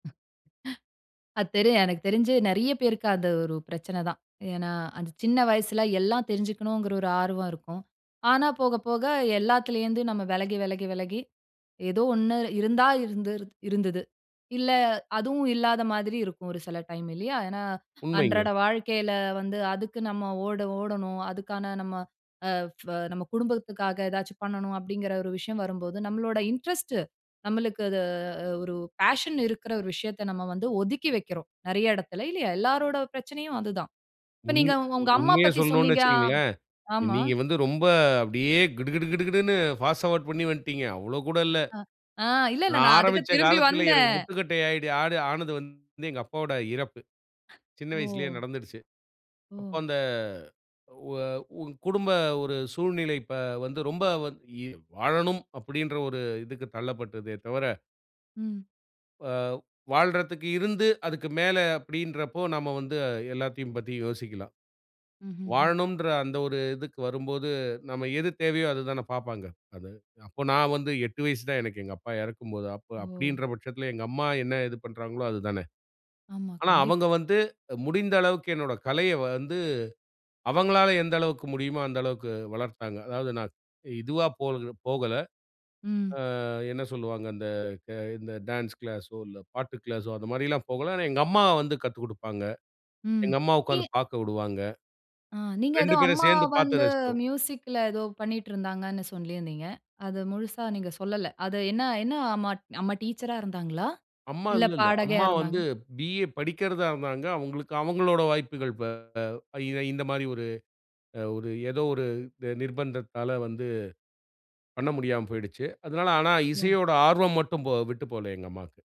அத் தெரு எனக்கு தெரிஞ்சு நெறைய பேருக்கு அது ஒரு பிரச்சனை தான். ஏன்னா அந்த சின்ன வயசுல, எல்லாம் தெரிஞ்சுக்கணும்ங்கிற ஒரு ஆர்வம் இருக்கும். ஆனா போக போக எல்லாத்திலேருந்து நம்ம வெலகி வெலகி வெலகி ஏதோ ஒண்ணு இருந்தா இருந்துருது இருந்தது. இல்ல அதுவும் இல்லாத மாதிரி இருக்கும், ஒரு சில டைம் இல்லையா? ஏன்னா உண்மைங்க. அன்றாட வாழ்க்கையில வந்து அதுக்கு நம்ம ஓட ஓடணும். அதுக்கான நம்ம, "அ ஃப நம்ம குடும்பத்துக்காக ஏதாச்சு பண்ணணும்." அப்படீங்கிற ஒரு விஷயம் வரும்போது, நம்மளோட இன்ட்ரெஸ்ட்டு, நம்மளுக்கு அது ஒரு பேஷன் இருக்கிற ஒரு விஷயத்த நம்ம வந்து ஒதுக்கி வைக்கிறோம், நெறைய இடத்தில இல்லையா? எல்லாரோட பிரச்சனையும் அதுதான். இப்ப உமி நீங்க ஒ ஒங்க அம்மா உண்மைய பத்தி சொல்லணும்ன்னு சொன்னீங்க ஆ வச்சுக்கங்களேன், ஆமா. நீங்க வந்து ரொம்ப அப்படியே கிடு கிடு கிடு கிடுன்னு ஃபாஸ்ட் ஃபார்வார்ட் பண்ணி வன்ட்டீங்க. அவ்வளோ கூட இல்ல. ஆ இல்ல, நா இல்ல நா அதுக்கு ஆரம்பிச்ச திரும்பி காலத்தில எனக்கு வந்தேன். முட்டுக்கட்டை ஆயிடு ஆது ஆனது வந்து எங்க அப்பாவோட இறப்பு. சின்ன வயசுலே ஓ! நடந்துடுச்சு. அப்ப ஓ! அந்த ஒ உ குடும்ப ஒரு சூழ்நிலை இப்ப வந்து ரொம்ப வந் இ வாழணும் அப்படீன்ற ஒரு இதுக்கு தள்ளப்பட்டதே தவர ம். அ வாழ்றத்துக்கு இருந்து அதுக்கு மேல அப்படீன்றப்போ, நம்ம வந்து எல்லாத்தையும் பத்தி யோசிக்கலாம். ம்ஹ்ஹ்ம். வாழணும்ன்ற அந்த ஒரு இதுக்கு வரும்போது, நம்ம எது தேவையோ அத தான பார்ப்பாங்க அது. அப்போ நா வந்து 8 வயசு தான் எனக்கு எங்க அப்பா இறக்கும்போது, அப்ப ஓ! அப்படீன்ற பட்சத்தில எங்க அம்மா என்ன இது பண்ணுறாங்களோ அது தான. ஆமா. ஆனா கண்டிப் அவங்க வந்து முடிந்த அளவுக்கு என்னோட கலையை வந்து, அவங்களால எந்த அளவுக்கு முடியுமோ அந்த அளவுக்கு வளர்த்தாங்க. அதாவது நா இதுவா போறது போகல. ம். அ என்ன சொல்லுவாங்க? இந்த இந்த இந்த டான்ஸ் கிளாஸோ, இல்ல பாட்டு கிளாஸோ அந்த மாதிரியெல்லாம் போகல. ஆனா எங்க அம்மா வந்து கத்துக் குடுப்பாங்க. ம். எங்க அம்மா உட்கார்ந்து [unintelligible] பார்க்க வுடுவாங்க. ஆ. நீங்க 2 எதோ பேரும் அம்மா சேர்ந்து பார்த்து வந்து ரசிச்சோம். மியூசிக்ல எதோ பண்ணிட்ருந்தாங்கன்னு சொல்லீருந்தீங்க. அது முழுசா நீங்க சொல்லல. அது என்ன என்ன அம்மா அம்மா டீச்சரா இருந்தாங்களா? அம்மா இல்ல இல்ல இல்ல. பாடகியா அம்மா வந்து இருந்தாங்களா? பி.ஏ. படிக்கிறதா இருந்தாங்க. அவங்களுக்கு, அவங்களோட வாய்ப்புகள் ப இ இந்த மாரி ஒரு, அ ஒரு எதோ ஒரு நி நிர்பந்தத்தால வந்து, பண்ண முடியாம போயிடுச்சு. அதனால ஆனா ஓ! இசையோட ஆர்வம் மட்டும் போ விட்டு போகல எங்க அம்மாக்கு.